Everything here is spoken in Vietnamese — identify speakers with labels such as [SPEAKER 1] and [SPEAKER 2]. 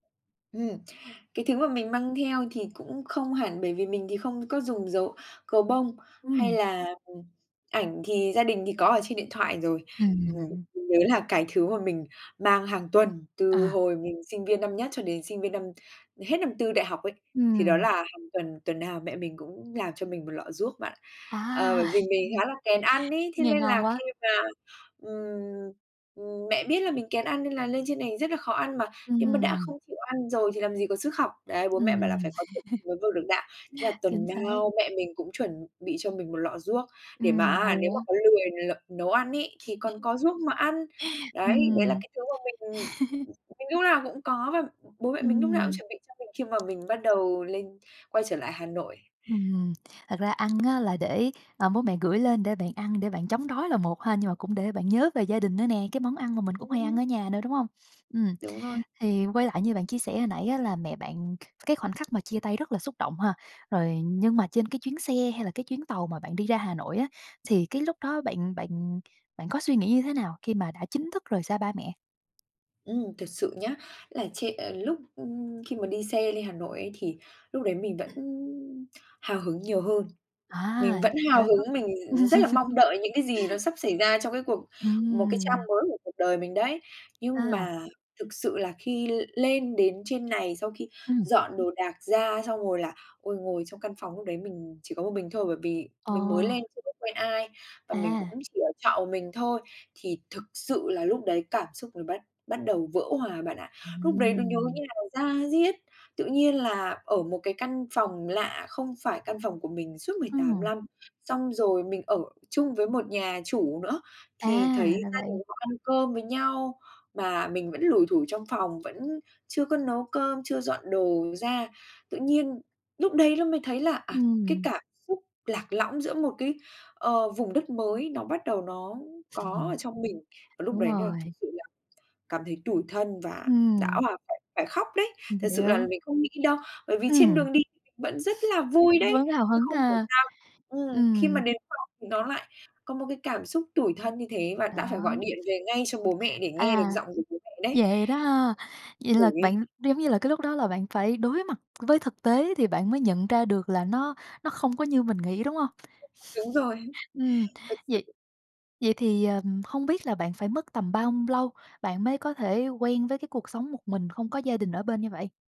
[SPEAKER 1] Ừm, cái thứ mà mình mang theo thì cũng không hẳn, bởi vì mình thì không có dùng dấu gấu bông, hay
[SPEAKER 2] Ừm.
[SPEAKER 1] là, ừm, ảnh thì gia đình thì có ở trên điện thoại rồi. Ừm,
[SPEAKER 2] Ừm.
[SPEAKER 1] mình nhớ là cái thứ mà mình mang hàng tuần, từ
[SPEAKER 2] À.
[SPEAKER 1] hồi mình sinh viên năm nhất cho đến sinh viên năm hết năm tư đại học ấy, thì đó
[SPEAKER 2] Ừm.
[SPEAKER 1] là hàng tuần, tuần nào mẹ mình cũng làm cho mình 1 lọ ruốc bạn.
[SPEAKER 2] À!
[SPEAKER 1] Ờ, bởi vì mình khá là kén ăn ấy, thế
[SPEAKER 2] Nghe
[SPEAKER 1] nên
[SPEAKER 2] ngon
[SPEAKER 1] là
[SPEAKER 2] quá.
[SPEAKER 1] khi mà, ừm, ừm, mẹ biết là mình kén ăn nên là lên trên này rất là khó ăn, mà nếu mà đã
[SPEAKER 2] Ừm.
[SPEAKER 1] không chịu ăn rồi thì làm gì có sức học, đấy. Bố mẹ bảo là
[SPEAKER 2] Ừm.
[SPEAKER 1] "Phải có thực thì mới vực được đạo", thế là
[SPEAKER 2] Chính
[SPEAKER 1] tuần
[SPEAKER 2] xác.
[SPEAKER 1] nào mẹ mình cũng chuẩn bị cho mình 1 lọ ruốc, để mà
[SPEAKER 2] Ừm,
[SPEAKER 1] á
[SPEAKER 2] hồi
[SPEAKER 1] nếu mà
[SPEAKER 2] á.
[SPEAKER 1] có lười l nấu ăn ấy thì còn có ruốc mà ăn. Đấy, đấy là
[SPEAKER 2] Ừm.
[SPEAKER 1] cái thứ mà mình, ừm, mình lúc nào cũng có, và bố mẹ mình lúc nào cũng
[SPEAKER 2] Ừm.
[SPEAKER 1] chuẩn bị cho mình khi mà mình bắt đầu lên quay trở lại Hà Nội.
[SPEAKER 2] Ừm, thật ra ăn á là để, ờ, bố mẹ gửi lên để bạn ăn để bạn chống đói là một ha, nhưng mà cũng để bạn nhớ về gia đình nữa nè, cái món ăn mà mình cũng hay ăn
[SPEAKER 1] Ừm.
[SPEAKER 2] ở nhà nữa, đúng hông? Ừm,
[SPEAKER 1] Đúng rồi.
[SPEAKER 2] thì quay lại như bạn chia sẻ hồi nãy á, là mẹ bạn, kh cái khoảnh khắc mà chia tay rất là xúc động ha? Rồi, nhưng mà trên cái chuyến xe hay là cái chuyến tàu mà bạn đi ra Hà Nội á, thì cái lúc đó bạn bạn bạn có suy nghĩ như thế nào khi mà đã chính thức rời xa ba mẹ?
[SPEAKER 1] Ừm, thật sự nhá, là trê ờ, lúc, ừm, khi mà đi xe lên Hà Nội ấy, thì lúc đấy mình vẫn hào hứng nhiều hơn,
[SPEAKER 2] À,
[SPEAKER 1] mình vẫn hào
[SPEAKER 2] vậy là có
[SPEAKER 1] hứng, mình rất là mong đợi những cái gì nó sắp xảy ra trong cái cuộc một cái trang
[SPEAKER 2] Ừm.
[SPEAKER 1] mới của cuộc đời mình đấy. Nhưng
[SPEAKER 2] À!
[SPEAKER 1] mà thực sự là khi l lên đến trên này, sau khi
[SPEAKER 2] Ừm.
[SPEAKER 1] dọn đồ đạc ra xong rồi là, ôi, ngồi trong căn phòng lúc đấy mình chỉ có một mình thôi, bởi vì
[SPEAKER 2] Ờ.
[SPEAKER 1] mình mới lên chưa có quen ai, và mình cũng
[SPEAKER 2] À.
[SPEAKER 1] chỉ ở trọ một mình thôi, thì thực sự là lúc đấy cảm xúc mình bắt bắt đầu vỡ hòa bạn ạ. Lúc đấy nó nhớ
[SPEAKER 2] Ừm.
[SPEAKER 1] như là da diết, tự nhiên là ở một cái căn phòng lạ không phải căn phòng của mình suốt 18
[SPEAKER 2] Ừm.
[SPEAKER 1] lăm, xong rồi mình ở chung với một nhà chủ nữa. Thì
[SPEAKER 2] À,
[SPEAKER 1] thấy
[SPEAKER 2] ra
[SPEAKER 1] gia
[SPEAKER 2] vậy.
[SPEAKER 1] đình họ ăn cơm với nhau, mà mình vẫn lủi thủi trong phòng, vẫn chưa có nấu cơm, chưa dọn đồ ra, tự nhiên lúc đấy ló mới thấy là, à, cái
[SPEAKER 2] Ừm.
[SPEAKER 1] cảm xúc lạc lõng giữa một cái, ờ, vùng đất mới nó bắt đầu nó có ở
[SPEAKER 2] Ừm.
[SPEAKER 1] trong mình, và lúc
[SPEAKER 2] Đúng
[SPEAKER 1] đấy nà thực
[SPEAKER 2] rồi.
[SPEAKER 1] sự là cảm thấy tủi thân và đã
[SPEAKER 2] Ừm.
[SPEAKER 1] òa phải khóc đấy.
[SPEAKER 2] Mình
[SPEAKER 1] Thật sự là
[SPEAKER 2] hiểu.
[SPEAKER 1] mình không nghĩ đâu, bởi vì trên
[SPEAKER 2] Ừm.
[SPEAKER 1] đường đi thì mình vẫn rất là vui đấy,
[SPEAKER 2] Vẫn hào
[SPEAKER 1] chứ
[SPEAKER 2] hứng
[SPEAKER 1] không hiểu
[SPEAKER 2] à?
[SPEAKER 1] sao ừm, khi mà
[SPEAKER 2] Ừm.
[SPEAKER 1] đến phòng thì nó lại có một cái cảm xúc tủi thân như thế, và
[SPEAKER 2] Đó.
[SPEAKER 1] đã phải gọi điện về ngay cho bố mẹ để nghe được
[SPEAKER 2] À,
[SPEAKER 1] giọng của bố mẹ đấy.
[SPEAKER 2] vậy đó ha? Vậy là
[SPEAKER 1] Khổ ghê.
[SPEAKER 2] bạn, giống như là, cái lúc đó là bạn phải đối mặt với thực tế thì bạn mới nhận ra được là nó nó không có như mình nghĩ, đúng hông?
[SPEAKER 1] Đúng rồi.
[SPEAKER 2] Ừm,
[SPEAKER 1] Thật
[SPEAKER 2] vậy
[SPEAKER 1] sự.
[SPEAKER 2] vậy thì, ờm, hông biết là bạn phải mất tầm bao m lâu bạn mới có thể quen với cái cuộc sống một mình, không có gia đình ở bên như vậy?